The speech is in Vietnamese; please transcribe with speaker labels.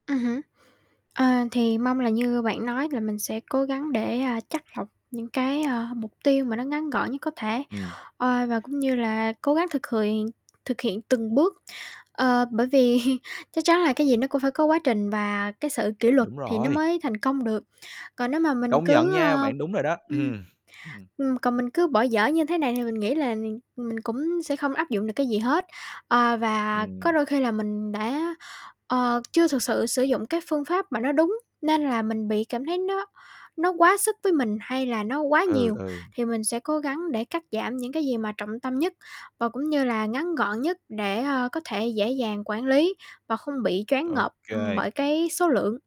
Speaker 1: Ừm hứm, ờ, thì mong là như bạn nói là mình sẽ cố gắng để, à, chắt lọc những cái, à, mục tiêu mà nó ngắn gọn nhất có thể,
Speaker 2: Ừm.
Speaker 1: ờ, và cũng như là cố gắng thực khiện thực hiện từng bước, ờ, bởi vì chắc chắn là cái gì nó cũng phải có quá trình và cái sự kỉ luật
Speaker 2: Đúng
Speaker 1: thì nó
Speaker 2: rồi.
Speaker 1: mới thành công được, còn nếu mà mình
Speaker 2: Công nhận
Speaker 1: cứ,
Speaker 2: nha,
Speaker 1: ơ
Speaker 2: bạn đúng rồi đó,
Speaker 1: ưm,
Speaker 2: ừm, ừm.
Speaker 1: ừm, còn mình cứ bỏ dở như thế này thì mình nghĩ là mình mình cũng sẽ không áp dụng được cái gì hết. Ờ, và có
Speaker 2: Ừm.
Speaker 1: đôi khi là mình đã, ờ, chưa thực sự sử dụng cái phương pháp mà nó đúng, nên là mình bị cảm thấy nó nó quá sức với mình hay là nó quá
Speaker 2: Ừ,
Speaker 1: nhiều,
Speaker 2: ừ.
Speaker 1: thì mình sẽ cố gắng để cắt giảm những cái gì mà trọng tâm nhất và cũng như là ngắn gọn nhất để, ơ, có thể dễ dàng quản lý và không bị choáng
Speaker 2: Ô
Speaker 1: ngợp, ừm,
Speaker 2: kê.
Speaker 1: bởi cái số lượng.